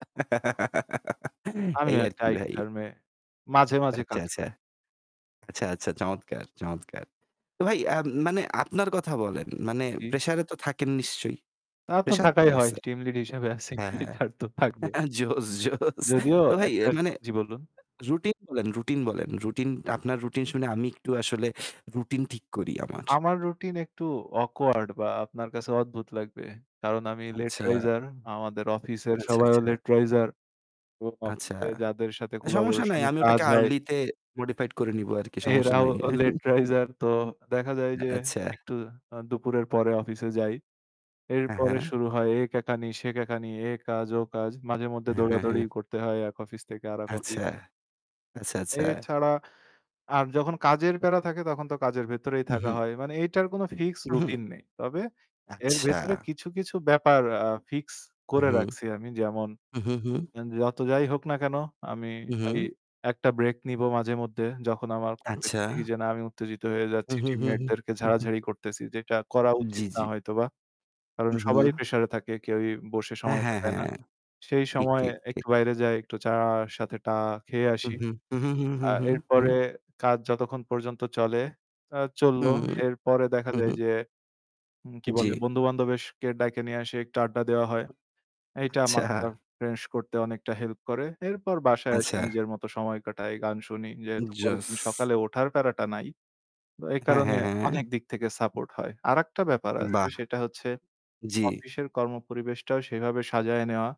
এই আমিও আর একটা কি IT ভাই। ফার্মে মাঝে, মাঝে আচ্ছা, কাজ আচ্ছা। করি। আচ্ছা, আচ্ছা, চমৎকার, চমৎকার। তো ভাই, আম মানে আপনার কথা বলেন। মানে জি। pressure এ তো থাকেন নিশ্চয়ই। তা তো pressure তো থাকাই হয়। আছে। Team lead হিসেবে আছি, হ্যাঁ, হ্যাঁ। [unintelligible] তো থাকবে। জোস, জোস যদিও তো ভাই এ একটা মানে জি বলুন। routine বলেন, routine বলেন। Routine আপনার routine শুনে আমি একটু আসলে routine ঠিক করি আমার। আমার routine একটু awkward বা আপনার কাছে অদ্ভুত লাগবে। কারণ আমি late আচ্ছা, riser আমাদের অফিসের আচ্ছা, সবাইও আচ্ছা। late riser এবং আচ্ছা, অফিসে যাদের সাথে সমস্যা নাই। collaboration-এ আমি কাজ ওটাকে হয় early তে modified করে নিব আর কি। সমস্যা এরাও নাই। late riser তো দেখা যায় যে আচ্ছা। একটু আ দুপুরের পরে অফিসে যাই। হ্যাঁ, এরপরে হ্যাঁ। শুরু হয় এ কেকানি, সে কেকানি, এ কাজ, ও কাজ। মাঝেমধ্যে হ্যাঁ, হ্যাঁ, দৌড়াদৌড়ি হ্যাঁ। করতে হয় এক অফিস থেকে আরেক অফিস। আচ্ছা, আচ্ছা, এ আচ্ছা। ছাড়া আর যখন কাজের প্যারা থাকে তখন তো কাজের ভেতরেই থাকা উ-হুম। হয়। মানে এইটার কোন fixed উ-হুম। routine নেই। তবে এর ভেতরে আচ্ছা। কিছু, কিছু ব্যাপার আ fixed করে হুম। রাখছি আমি। যেমন হুম, হুম, হুম। যত যাই হোক না কেন আমি এই উ-হুম। একটা break নিব মাঝেমধ্যে। যখন আমার খুব বেশি আচ্ছা। দেখি যে না আমি উত্তেজিত হয়ে যাচ্ছি, হুম, হুম, team হু, হুম। mate-দেরকে হু, হুম। ঝাড়াঝাড়ি করতেছি, যেটা করা জি, উচিত না জি। হয়তোবা। কারণ উ, সবাই হুম। pressure-এ থাকে, কেউই বসে হ্যাঁ, সময় হ্যাঁ, কাটায় না। হ্যাঁ। সেই ঠিক, সময়ে ঠিক, ঠিক। একটু বাইরে যাই, একটু চায়ের সাথে টা খেয়ে হুম, আসি। হুম, হুম, হুম। আর হুম। এরপরে হুম। কাজ যতক্ষণ পর্যন্ত চলে, আ চলল। হুম, এরপরে দেখা হুম, যায় হুম। যে, উম কি বলে জি। বন্ধু-বান্ধবদেরকে ডাইকা নিয়ে আসি, একটা আড্ডা দেওয়া হয়। এইটা আচ্ছা মাথাটা fresh করতে অনেকটা help করে। এরপর বাসায় আসি, আচ্ছা। নিজের মতো সময় কাটাই, গান শুনি। যেহেতু পরের জোস। দিন সকালে ওঠার প্যারাটা নাই, এই হ্যাঁ, কারণে হ্যাঁ, হ্যাঁ। অনেক দিক থেকে support হয়। আরেকটা ব্যাপার আছে বাহ! সেটা হচ্ছে জি। অফিসের কর্ম পরিবেশটাও সেইভাবে সাজায় নেওয়া।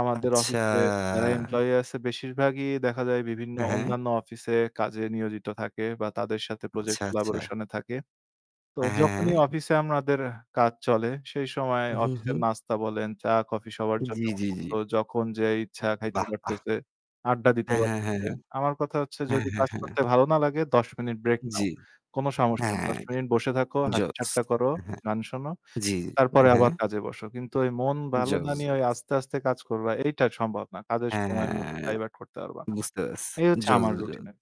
আমাদের আচ্ছা। অফিসে যারা employee আছে বেশিরভাগই দেখা যায় বিভিন্ন অ্যা হ্যাঁ। অন্যান্য অফিসে কাজে নিয়োজিত থাকে বা তাদের সাথে project আচ্ছা, আচ্ছা। collaboration এ থাকে। তো যখনই হ্যাঁ। অফিসে আমাদের কাজ চলে, সেই সময় উ-হুম, অফিসের হুম। নাস্তা বলেন, চা, কফি সবার জন্য জি, জি, উন্মুক্ত। জি। যখন যে ইচ্ছা খাইতে বাহ, বাহ। পারতেছে, আড্ডা দিতে হ্যাঁ, হ্যাঁ, হ্যাঁ। পারতেছে। আমার কথা হচ্ছে হ্যাঁ, যদি হ্যাঁ, কাজ হ্যাঁ। করতে ভালো না লাগে ১০ মিনিট break নাও, জি। কোন সমস্যা নাই। হ্যাঁ। ১০ মিনিট বসে থাকো, জোস। হাসিঠাট্টা করো, হ্যাঁ। গান শোনো জি। তারপরে অ্যা হ্যাঁ। আবার কাজে বসো। কিন্তু ওই মন জোস। ভালো না নিয়ে জোস। আস্তে, আস্তে কাজ করবা এইটা সম্ভব না। কাজের হ্যাঁ, সময় মতো হ্যাঁ। ডাইভার্ট করতে পারবা না। বুঝতে পারছি। এই হচ্ছে জোস, আমার জোস। routine আর কি।